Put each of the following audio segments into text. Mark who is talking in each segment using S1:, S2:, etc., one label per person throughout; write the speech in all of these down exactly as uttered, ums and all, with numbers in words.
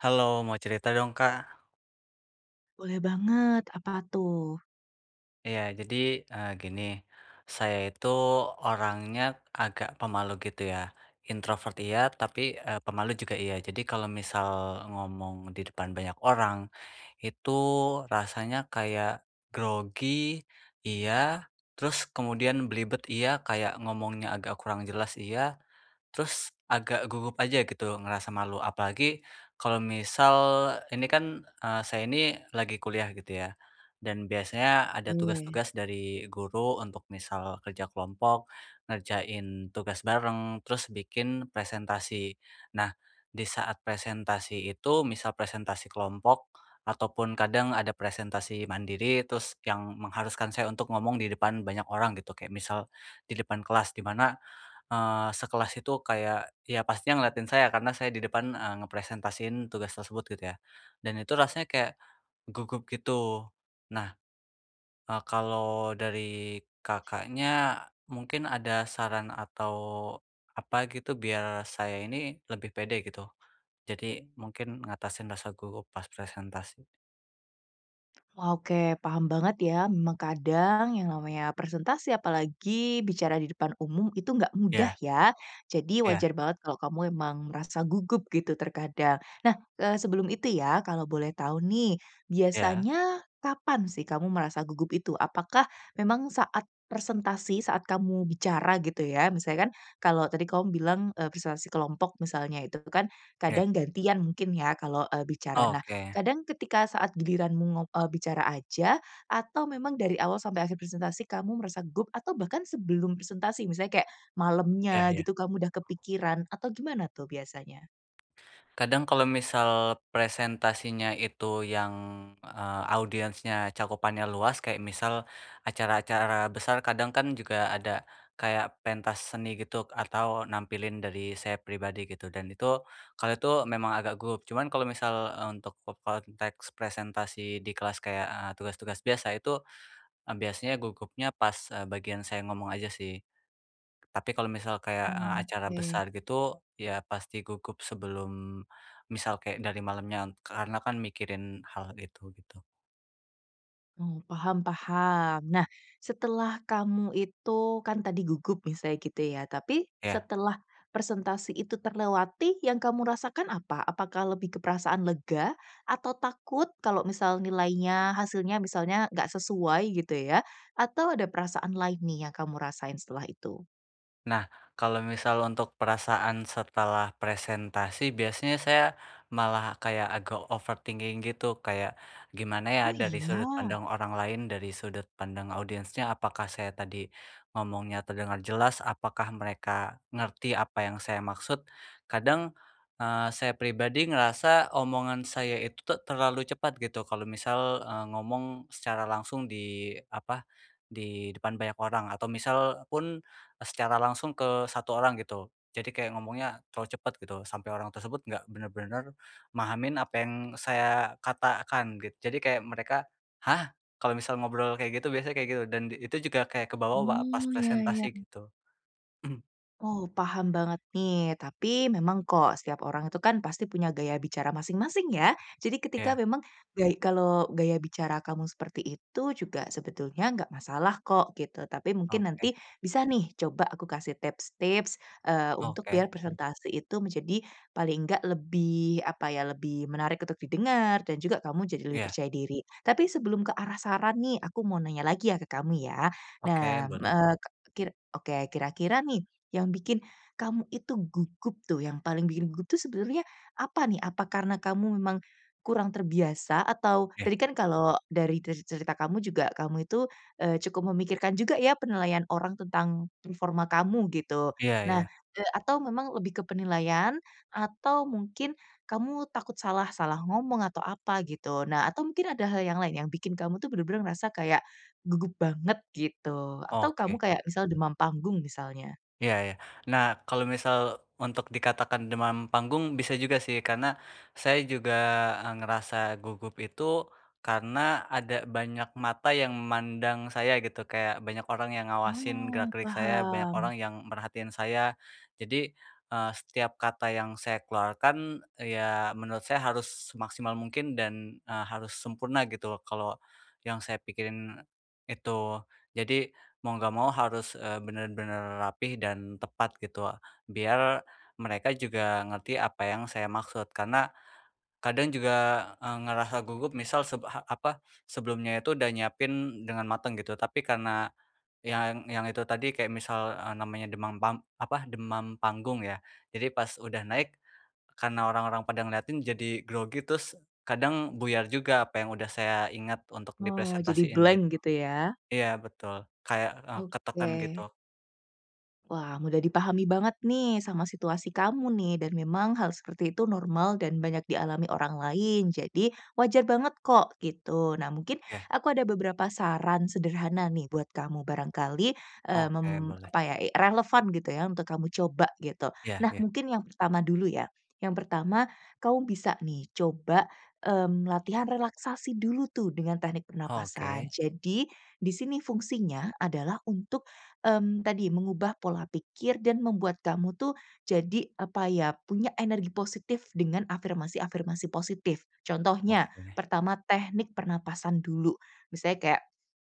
S1: Halo, mau cerita dong, Kak.
S2: Boleh banget, apa tuh?
S1: Iya jadi, eee, gini, saya itu orangnya agak pemalu gitu ya, introvert iya, tapi, eee, pemalu juga iya. Jadi kalo misal ngomong di depan banyak orang itu rasanya kayak grogi iya, terus kemudian belibet iya, kayak ngomongnya agak kurang jelas iya. Terus agak gugup aja gitu, ngerasa malu. Apalagi kalau misal ini kan, eee, saya ini lagi kuliah, gitu ya. Dan biasanya ada
S2: Oke.
S1: tugas-tugas dari guru untuk misal kerja kelompok, ngerjain tugas bareng, terus bikin presentasi. Nah, di saat presentasi itu misal presentasi kelompok ataupun kadang ada presentasi mandiri, terus yang mengharuskan saya untuk ngomong di depan banyak orang gitu, kayak misal di depan kelas di mana, eee, sekelas itu kayak, ya pastinya ngeliatin saya karena saya di depan, eee, ngepresentasiin tugas tersebut gitu ya. Dan itu rasanya kayak gugup gitu. Nah, eee, kalau dari Kakaknya mungkin ada saran atau apa gitu? Biar saya ini lebih pede gitu. Jadi mungkin ngatasin rasa gugup pas presentasi.
S2: Wah oke, paham banget ya, memang kadang yang namanya presentasi apalagi bicara di depan umum itu enggak mudah
S1: Iya.
S2: ya, jadi
S1: Iya.
S2: wajar banget kalau kamu emang merasa gugup gitu terkadang. Nah, eee, sebelum itu ya kalau boleh tahu nih,
S1: Iya.
S2: biasanya kapan sih kamu merasa gugup itu, apakah memang saat presentasi saat kamu bicara gitu ya, misalnya kan kalau tadi kamu bilang, eee, presentasi kelompok misalnya itu kan
S1: Iya.
S2: kadang gantian mungkin ya, kalau, eee, bicara. Nah,
S1: Oke.
S2: kadang ketika saat giliranmu ngop eee, bicara aja atau memang dari awal sampai akhir presentasi kamu merasa gugup atau bahkan sebelum presentasi misalnya kayak,
S1: Iya
S2: malamnya
S1: iya.
S2: gitu kamu udah kepikiran atau gimana tuh biasanya?
S1: Kadang kalau misal presentasinya itu yang, eee, audiensnya cakupannya luas kayak misal acara-acara besar, kadang kan juga ada kayak pentas seni gitu atau nampilin dari saya pribadi gitu dan itu, kalau itu memang agak gugup, cuman kalau misal, eee, untuk ke konteks presentasi di kelas kayak, eee, tugas-tugas biasa, itu, e biasanya gugupnya pas, eee, bagian saya ngomong aja sih. Tapi kalau misal kayak, eee, acara
S2: Oke.
S1: besar gitu, ya pasti gugup sebelum, misal kek dari malamnya n karena kan mikirin hal itu gitu.
S2: Oh, paham paham. Nah, setelah kamu itu kan tadi gugup misalnya gitu ya, tapi
S1: Iya.
S2: setelah presentasi itu terlewati yang kamu rasakan apa? Apakah lebih ke perasaan lega atau takut kalau misal nilainya, hasilnya misalnya gak sesuai gitu ya, atau ada perasaan lain nih kamu rasain setelah itu?
S1: Nah, kalau misal untuk perasaan setelah presentasi biasanya saya malah kayak agak overthinking gitu, kayak gimana ya
S2: Oh
S1: dari sudut
S2: iya?
S1: pandang orang lain, dari sudut pandang audiensnya. Apakah saya tadi ngomongnya terdengar jelas, apakah mereka ngerti apa yang saya maksud. Kadang, eee, saya pribadi ngerasa omongan saya itu te terlalu cepat gitu kalau misal, eee, ngomong secara langsung di apa, di depan banyak orang atau misal pun e secara langsung ke satu orang gitu, jadi kayak ngomongnya terlalu cepet gitu, sampai orang tersebut nggak bener-bener mahamin apa yang saya katakan git jadi kayak mereka, "Hah?" Kalau misal ngobrol kayak gitu, biasanya kayak gitu, dan di itu juga kayak kebawa wa pas
S2: Oh, iya iya.
S1: presentasi gitu.
S2: Oh paham banget nih, tapi memang kok, setiap orang itu kan pasti punya gaya bicara masing-masing ya, jadi ketika
S1: Iya.
S2: memang gay kalau gaya bicara kamu seperti itu juga sebetulnya nggak masalah kok gitu, tapi mungkin
S1: Oke.
S2: nanti bisa nih coba aku kasih tips-tips, eee, untuk biar
S1: Oke.
S2: presentasi itu menjadi paling nggak lebih apa ya, lebih menarik untuk didengar dan juga kamu jadi lebih
S1: Iya.
S2: percaya diri. Tapi sebelum ke arah saran nih, aku mau nanya lagi ya, ke kamu ya.
S1: Oke,
S2: Nah, m
S1: boleh.
S2: eee, ke kir oke, kira-kira nih yang bikin kamu itu gugup tuh, yang paling bikin gugup tuh sebenernya apa nih? Apa karena kamu memang kurang terbiasa? Atau
S1: Iya.
S2: tadi kan kalau dari terz cerita kamu juga kamu itu, eee, cukup memikirkan juga ya, penilaian orang tentang performa kamu gitu.
S1: Iya
S2: Nah,
S1: iya.
S2: eee, atau memang lebih ke penilaian atau mungkin kamu takut salah salah ngomong atau apa gitu. Nah, atau mungkin ada hal yang lain, yang bikin kamu tuh bener-bener merasa kayak gugup banget gitu atau kamu
S1: Oke.
S2: kayak misal demam panggung misalnya?
S1: Iya iya. Nah, kalau misal untuk dikatakan demam panggung, bisa juga sih, karena saya juga, eee, ngerasa gugup itu, karena ada banyak mata yang mandang saya, gitu. Kayak banyak orang yang ngawasin
S2: Oh,
S1: gerak-gerik saya, banyak
S2: paham.
S1: orang yang merhatiin saya. Jadi, eee, setiap kata yang saya keluarkan, ya menurut saya harus semaksimal mungkin dan, eee, harus sempurna gitu, kalau yang saya pikirin itu. Jadi, mau nggak mau harus, eee, bener-bener rapih dan tepat gitu o biar mereka juga ngerti apa yang saya maksud, karena kadang juga, eee, ngerasa gugup misal seb ha apa, sebelumnya itu udah nyiapin dengan mateng gitu. Tapi karena yang yang itu tadi, kayak misal, eee, namanya demam pam apa, demam panggung ya. Jadi pas udah naik, karena orang-orang pada ngeliatin, jadi grogi terus kadang buyar juga apa yang udah saya ingat untuk
S2: Oh, jadi
S1: dipresentasiin
S2: blank
S1: gitu.
S2: gitu ya.
S1: Iya betul, kayak, eee, ketekan
S2: Oke.
S1: gitu.
S2: Wah, mudah dipahami banget nih, sama situasi kamu nih dan memang hal itu normal dan banyak dialami orang lain. Jadi, wajar banget kok, gitu. Nah, mungkin
S1: Iya.
S2: aku ada beberapa saran sederhana nih buat kamu barangkali, eee,
S1: Oke
S2: mem
S1: boleh.
S2: apa ya, e relevan gitu ya, untuk kamu coba gitu.
S1: Iya
S2: Nah,
S1: iya.
S2: mungkin yang pertama dulu ya, yang pertama kamu bisa nih coba, mmm, latihan relaksasi dulu tuh dengan teknik pernapasan.
S1: Oke.
S2: Jadi di sini fungsinya adalah untuk, mmm, tadi mengubah pola pikir dan membuat kamu tuh jadi apa ya, punya energi positif dengan afirmasi-afirmasi positif. Contohnya,
S1: Oke.
S2: pertama teknik pernapasan dulu. Misalnya kayak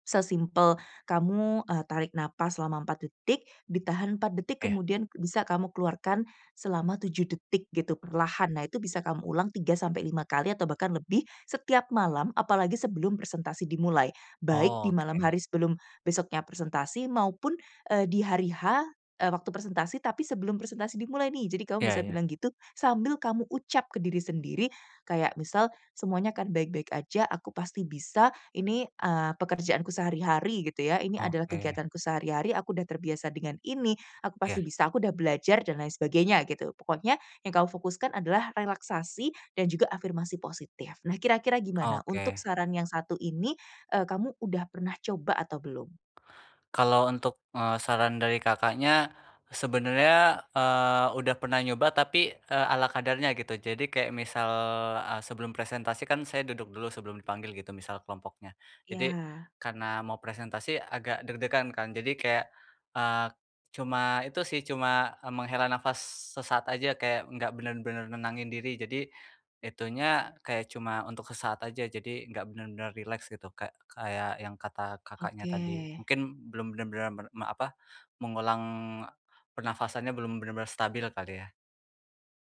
S2: sesimpel kamu, eee, tarik napas selama empat detik, ditahan empat detik
S1: Eh.
S2: kemudian bisa kamu keluarkan selama tujuh detik gitu perlahan. Nah itu bisa kamu ulang empat sampai lima kali atau bahkan lebih setiap malam, apalagi sebelum presentasi dimulai, baik di malam
S1: Oke.
S2: hari sebelum besoknya presentasi maupun, eee, di hari H, eee, waktu presentasi tapi sebelum presentasi dimulai nih. Jadi kamu
S1: Iya
S2: bisa
S1: iya.
S2: bilang gitu, sambil kamu ucap ke diri sendiri kayak, misal, "Semuanya akan baik-baik aja, aku pasti bisa, ini, eee, pekerjaanku sehari-hari," gitu ya, "ini adalah
S1: Oke.
S2: kegiatanku sehari-hari, aku sudah terbiasa dengan ini, aku
S1: Iya.
S2: pasti bisa, aku sudah belajar," dan lain sebagainya gitu. Pokoknya yang kamu fokuskan adalah relaksasi dan juga afirmasi positif. Nah kira-kira gimana untuk
S1: Oke.
S2: saran yang satu ini, eee, kamu udah pernah coba atau belum?
S1: Kalau untuk, eee, saran dari Kakaknya sebenernya, eee, udah pernah nyoba, tapi, eee, ala kadarnya gitu, jadi kayak misal, eee, sebelum presentasi kan saya duduk dulu sebelum dipanggil gitu, misal kelompoknya. Jadi
S2: Iya.
S1: karena mau presentasi agak deg-degan kan. Jadi kaya, eee, cuma itu sih, cuma, eee, menghela nafas sesaat aja, kayak nggak bener-bener nenangin diri, jadi itunya kayak cuma untuk sesaat aja, jadi nggak bener-bener rileks gitu kayak kayak yang kata Kakaknya
S2: Oke.
S1: tadi. Mungkin belum bener-bener mer me apa, mengulang e pernafasannya belum bener-bener stabil kali ya?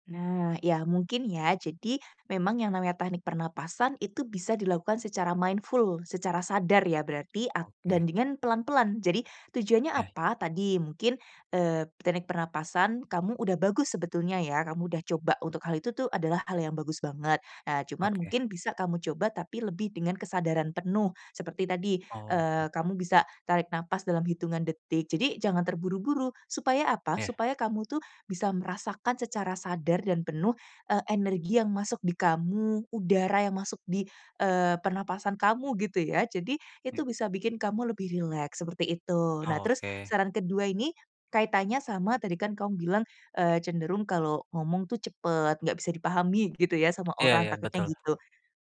S2: Nah, iya mungkin ya, jadi memang yang namanya teknik pernapasan itu bisa dilakukan secara mindful, secara sadar ya, berarti ak
S1: Oke.
S2: dan dengan pelan-pelan. Jadi tujuannya
S1: Ya.
S2: apa? Tadi mungkin, eee, teknik pernapasan kamu udah bagus sebetulnya ya, kamu udah coba untuk hal itu tuh adalah hal yang bagus banget. Nah, cuman
S1: Oke.
S2: mungkin bisa kamu coba tapi lebih dengan kesadaran penuh. Seperti tadi, eee,
S1: Oke.
S2: kamu bisa tarik napas dalam hitungan detik. Jadi jangan terburu-buru. Supaya apa?
S1: Iya.
S2: Supaya kamu tuh bisa merasakan secara sadar dan penuh eee, energi yang masuk di kamu, udara yang masuk di, eee, pernapasan kamu gitu ya, jadi itu
S1: Me
S2: bisa bikin kamu lebih rileks seperti itu. Nah terus
S1: Oke.
S2: saran kedua ini kaitannya sama tadi kan kamu bilang, eee, cenderung kalau ngomong tuh cepet, nggak bisa dipahami gitu ya, sama
S1: Iya
S2: orang
S1: iya,
S2: takutnya
S1: betul.
S2: gitu.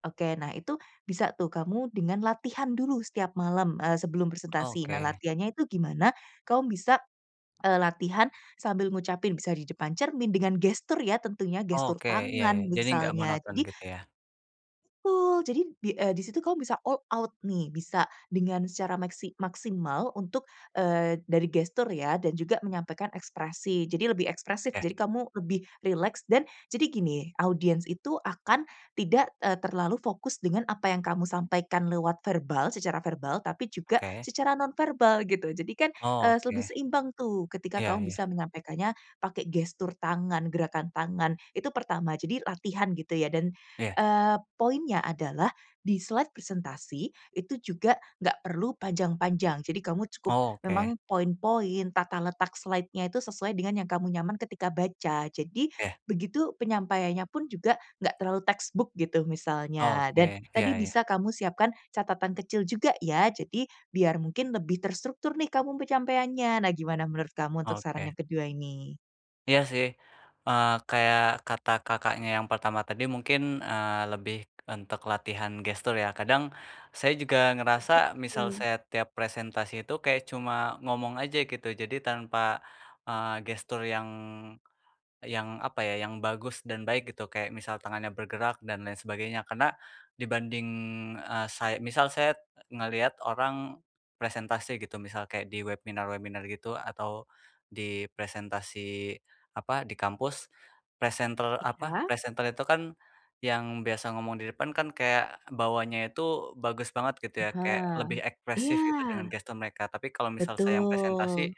S2: Oke, nah itu bisa tuh kamu dengan latihan dulu setiap malam, eee, sebelum presentasi. Nah
S1: Oke.
S2: latihannya itu gimana? Kamu bisa, eee, latihan sambil ngucapin, bisa di depan cermin dengan gestur ya tentunya, gestur
S1: Oke. Iya iya.
S2: tangan
S1: Jadi nggak
S2: misalnya,
S1: monoton
S2: jadi
S1: gitu ya?
S2: Betul, jadi di, eee, di situ kamu bisa all out nih, bisa dengan secara meksi maksimal untuk, eee, dari gestur ya dan juga menyampaikan ekspresi. Jadi lebih ekspresif.
S1: Oke.
S2: Jadi kamu lebih rileks dan jadi gini, audiens itu akan tidak, eee, terlalu fokus dengan apa yang kamu sampaikan lewat verbal, secara verbal, tapi juga
S1: Oke.
S2: secara nonverbal gitu. Jadi kan, eee, lebih
S1: Oke.
S2: seimbang tuh, ketika
S1: Iya
S2: kamu
S1: iya.
S2: bisa menyampaikannya pakai gestur tangan, gerakan tangan, itu pertama. Jadi latihan gitu ya, dan,
S1: Iya.
S2: eee, poinnya adalah di-slide presentasi, itu juga nggak perlu panjang-panjang, jadi kamu cukup
S1: Oke.
S2: memang poin-poin, tata letak slide-nya itu sesuai dengan yang kamu nyaman ketika baca. Jadi,
S1: Iya.
S2: begitu penyampaiannya pun juga nggak terlalu textbook gitu, misalnya dan
S1: Oke. Iya
S2: tadi
S1: iya.
S2: bisa kamu siapkan catatan kecil juga ya, jadi biar mungkin lebih terstruktur nih kamu penyampaiannya. Nah gimana menurut kamu untuk saran
S1: Oke.
S2: yang kedua ini?
S1: Iya sih, eee, kayak kata Kakaknya yang pertama tadi mungkin, eee, lebih untuk latihan gestur ya, kadang saya juga ngerasa misal
S2: Betul.
S1: saya tiap presentasi itu kayak cuma ngomong aja gitu, jadi tanpa, eee, gestur yang, yang apa ya, yang bagus dan baik gitu, kayak misal tangannya bergerak dan lain sebagainya. Karena dibanding, eee, say misal saya e ngeliat orang presentasi gitu, misal kayak di webinar-webinar gitu atau di presentasi apa, di kampus. Presenter apa,
S2: Iya.
S1: presenter itu kan yang biasa ngomong di depan kan, kayak bawaannya itu bagus banget gitu ya, kayak
S2: Aha.
S1: lebih ekspresif gitu dengan
S2: Iya.
S1: gestur mereka, tapi kalau misal saya yang
S2: Betul.
S1: presentasi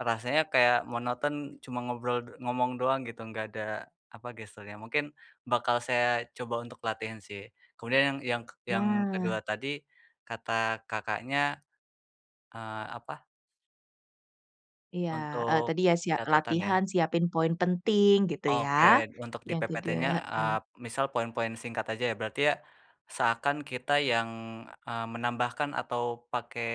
S1: rasanya kayak monoton, cuma ngobrol e ngomong doang gitu. Nggak ada apa, gesturnya, mungkin bakal saya coba untuk latihan sih. Kemudian yang yang kek yang kedua
S2: Nah.
S1: tadi, kata Kakaknya, eee, apa
S2: Iya, eee,
S1: untuk
S2: tadi ya, sia
S1: catetan ya.
S2: latihan siapin poin penting gitu ya.
S1: Oke, untuk di
S2: Yang tidak
S1: PPT-nya,
S2: eee
S1: eee, misal poin-poin singkat aja ya, berarti ya seakan kita yang, eee, menambahkan atau pakai,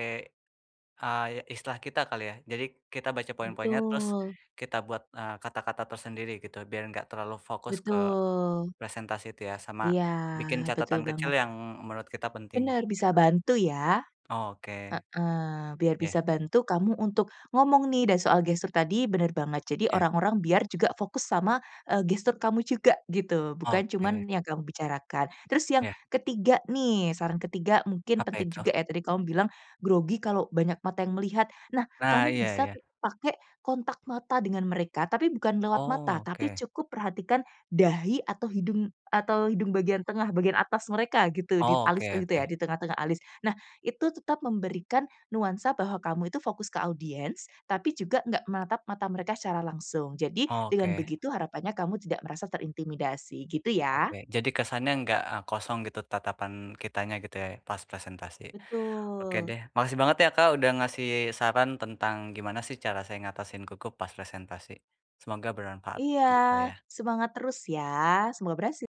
S1: eee, istilah kita kali ya. Jadi kita baca poin-poinnya, terus
S2: Betul.
S1: kita buat, eee, kata-kata tersendiri gitu, biar enggak terlalu fokus ke
S2: Betul.
S1: presentasi itu ya, sama
S2: Iya,
S1: bikin
S2: betul
S1: catatan kecil
S2: banget.
S1: yang menurut kita penting,
S2: Bener bisa
S1: gitu.
S2: bantu ya.
S1: Oke.
S2: Heeh, biar
S1: Iya.
S2: bisa bantu kamu untuk ngomong nih dan soal gestur tadi bener banget, jadi
S1: Iya.
S2: orang-orang biar juga fokus sama, eee, gestur kamu juga gitu, bukan
S1: Oke.
S2: cuman yang kamu bicarakan. Terus yang
S1: Iya.
S2: ketiga nih, saran ketiga, mungkin
S1: Apa
S2: penting
S1: itu?
S2: juga ya, tadi kamu bilang, grogi kalau banyak mata yang melihat. Nah,
S1: Nah,
S2: kamu
S1: iya
S2: bisa
S1: iya.
S2: ke pakai kontak mata dengan mereka, tapi bukan lewat
S1: Oh,
S2: mata, tapi
S1: oke.
S2: cukup perhatikan dahi atau hidung atau hidung bagian tengah bagian atas mereka gitu, di
S1: Oh,
S2: alis
S1: oke
S2: e gitu ya,
S1: oke.
S2: di tengah-tengah alis. Nah, itu tetap memberikan nuansa bahwa kamu itu fokus ke audiens, tapi juga nggak menatap mata mereka secara langsung, jadi dengan
S1: Oke.
S2: begitu harapannya kamu tidak merasa terintimidasi, gitu ya.
S1: Oke. Jadi kesannya nggak e kosong gitu tatapan kitanya gitu ya, pas presentasi. Oke
S2: Betul.
S1: deh, makasih banget ya, Kak, udah ngasih saran tentang gimana sih cara saya ngatasin gugup pas presentasi. Semoga bermanfaat
S2: Iya.
S1: untuk saya.
S2: Semangat terus ya. Semoga berhasil.